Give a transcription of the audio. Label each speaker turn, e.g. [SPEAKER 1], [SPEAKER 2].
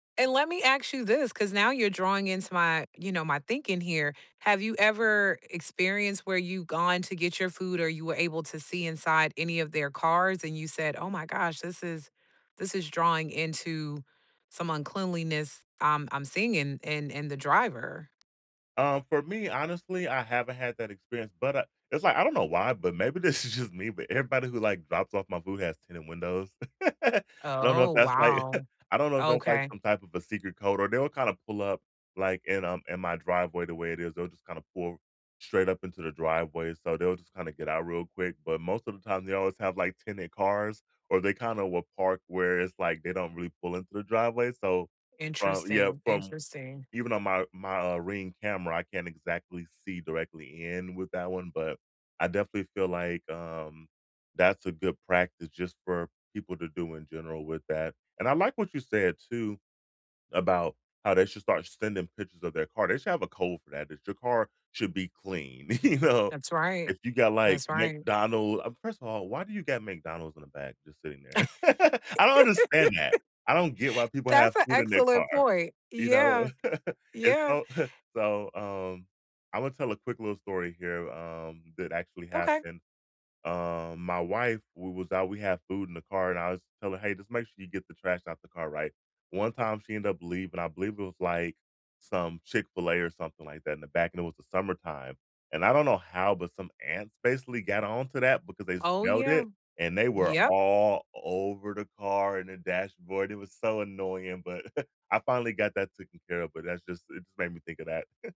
[SPEAKER 1] And let me ask you this, 'cause now you're drawing into my, you know, my thinking here. Have you ever experienced where you gone to get your food or you were able to see inside any of their cars and you said, "Oh, my gosh, this is this is drawing into some uncleanliness I'm I'm singing in in in the driver?"
[SPEAKER 2] Um, for me, honestly, I haven't had that experience, but I it's, like, I don't know why, but maybe this is just me, but everybody who, like, drops off my food has tinted windows. I don't know
[SPEAKER 1] Oh,
[SPEAKER 2] if that's, like
[SPEAKER 1] wow.
[SPEAKER 2] I don't know if that's, like,
[SPEAKER 1] Okay.
[SPEAKER 2] some type of a secret code, or they will kinda pull up, like, in, um in my driveway the way it is, they'll just kinda pull straight up into the driveway, so they'll just kinda get out real quick but most of the time, they always have, like, tinted cars, or they kinda will park where it's, like, they don't really pull into the driveway. So, from yeah,
[SPEAKER 1] Interesting,
[SPEAKER 2] from
[SPEAKER 1] interesting.
[SPEAKER 2] even on my my, uh, Ring camera, I can't exactly see directly in with that one, but I definitely feel like, um that's a good practice just for people to do in general with that. And I like what you said, too, about how they should start sending pictures of their car, they should have a code for that, that your car should be clean, you know?
[SPEAKER 1] That's right.
[SPEAKER 2] If you got, like,
[SPEAKER 1] That's right.
[SPEAKER 2] McDonald uh, first of all, why do you got McDonald's in the back just sitting there? I don't understand that, I don't get why people have
[SPEAKER 1] That's an
[SPEAKER 2] food in their
[SPEAKER 1] excellent
[SPEAKER 2] car,
[SPEAKER 1] point.
[SPEAKER 2] you know?
[SPEAKER 1] Yeah.
[SPEAKER 2] And
[SPEAKER 1] Yeah.
[SPEAKER 2] so so, um, I wanna tell a quick little story here, um, that actually
[SPEAKER 1] Okay.
[SPEAKER 2] happened. Um, my wife we was out, we had food in the car and I was telling, "Hey, just make sure you get the trash out the car." Right? One time she end up leav and I believe it was, like, some Chick-fil-A or something like that in the back, and it was the summertime, and I don't know how, but some ants basically got on to that because they
[SPEAKER 1] Oh,
[SPEAKER 2] smelled
[SPEAKER 1] yeah.
[SPEAKER 2] it, and they were
[SPEAKER 1] Yep.
[SPEAKER 2] all over the car and the dashboard, it was so annoying, but I finally got that tooken care of, but that's just it made me think of that.